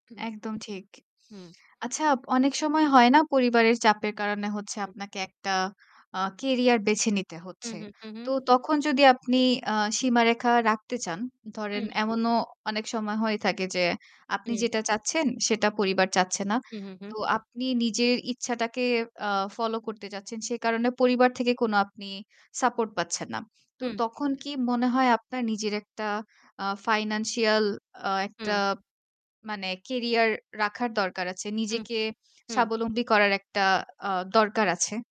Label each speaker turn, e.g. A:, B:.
A: হম।
B: একদম ঠিক।
A: হুম।
B: আচ্ছা অনেক সময় হয় না পরিবারের চাপের কারণে হচ্ছে
A: হু।
B: আপনাকে একটা আ কেরিয়ার বেছে নিতে
A: হুম,
B: হচ্ছে।
A: হু, হু।
B: তো তখন যদি আপনি আ সীমারেখা রাখতে চান, ধরেন
A: হুম, হু।
B: এমনও ও অনেক সময় হয়ে থাকে যে আপনি
A: হুম।
B: যেটা চাচ্ছেন, সেটা পরিবার চাচ্ছে না।
A: হু, হু, হু।
B: তো আপনি নিজের ইচ্ছাটাকে আ ফলো করতে চাচ্ছেন, সে কারণে পরিবার থেকে কোন আপনি সাপোর্ট পাচ্ছেন না। তো
A: হুম।
B: তখন কি মনে হয় আপনার নিজের একটা আ ফাইন্যান্সিয়াল আ একটা
A: হুম।
B: মানে কেরিয়ার রাখার দরকার আছে।
A: হু,
B: নিজেকে
A: হু।
B: স্বাবলম্বী করার একটা আ দরকার আছে।